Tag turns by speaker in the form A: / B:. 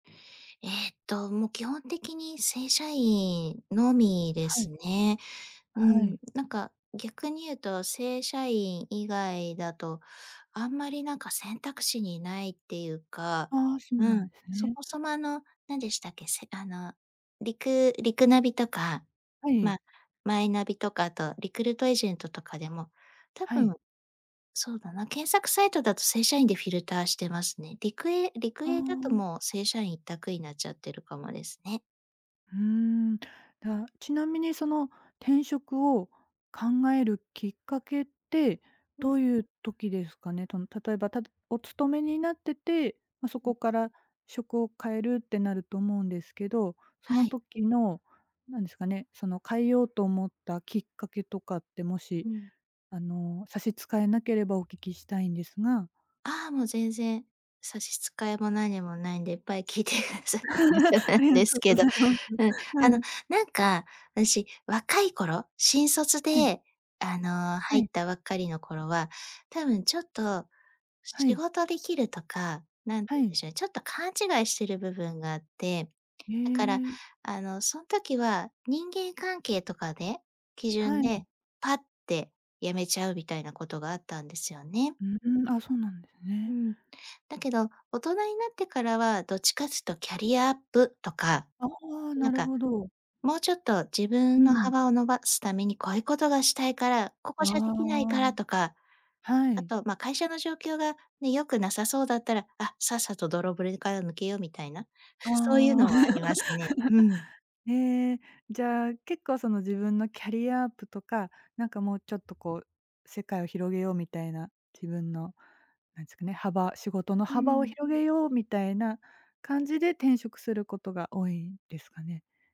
A: ええと、もう基本的に正社員のみで
B: はい。
A: すね。う
B: は
A: ん、
B: い。
A: なんか逆に言うと正社員以外だと、あんまりなんか選択肢にないっていうか、
B: ああ、そう
A: う
B: なん
A: ん、
B: す
A: そ
B: ね。
A: もそもあの、なんでしたっけ、せあの、リクリクナビとか
B: はい。
A: ま、マイナビとかあとリクルートエージェントとかでも多
B: はい。
A: 分、そうだな、検索サイトだと正社員でフィルターしてますね。リクエリク
B: あ
A: エーだと
B: あ。
A: もう正社員一択になっちゃってるかもですね。
B: うーん、だ、ちなみにその転職を考えるきっかけって、
A: うん。
B: どういう時ですかね？との例えばたお勤めになってて、まあ、
A: う
B: そ
A: うん。
B: こから職を変えるってなると思うんですけど、そ
A: は
B: の
A: い。
B: 時の、何ですかね、その変えようと思ったきっかけとかって、もし、
A: うん。
B: あの、差し支えなければお聞きしたいんですが。
A: ああ、もう全然、差し支えも何もないんでいっぱい聞いてくださえ大丈夫 なん
B: ありが
A: です
B: とうご
A: けど。
B: ざいます。
A: うん。
B: は
A: あの、
B: い。
A: なんか私、若い頃、新卒
B: はい。
A: であの、
B: は
A: 入っ
B: い。
A: たばっかりの頃は多分ちょっと、
B: は
A: 仕
B: い。
A: 事できるとか、何て
B: は
A: いうん
B: い。
A: でしょう、ちょっと勘違いしている部分があって、
B: へ
A: だから
B: え。
A: あの、そん時は人間関係とかで、基
B: は
A: 準
B: い。
A: で、パッて辞めちゃうみたいなことがあったんですよね。
B: うーん、あ、そうなんです
A: う
B: ね。
A: ん。だけど、大人になってからはどっちかっつうとキャリアアップとか。
B: ああ、な
A: なん
B: る
A: か、
B: ほど。
A: もうちょっと自
B: う
A: 分の
B: ん。
A: 幅を伸ばすためにこういうことがしたいから、こ
B: あ
A: こじゃできないから
B: あ、
A: とか。
B: は
A: あ
B: い。
A: とま、会社の状況がね、良くなさそうだったら、あ、さっさとぼろ
B: うん。
A: ぶれから抜けようみたいな、
B: あ
A: そういう
B: あ。
A: のはありますね。うん。
B: ええ。じゃ結構その自分のキャリアアップとか、なんかもうちょっとこう、世界を広げようみたいな、自分の、何すかね、幅、仕事の
A: う
B: 幅を
A: ん。
B: 広げようみたいな感じで転職することが多いんですかね？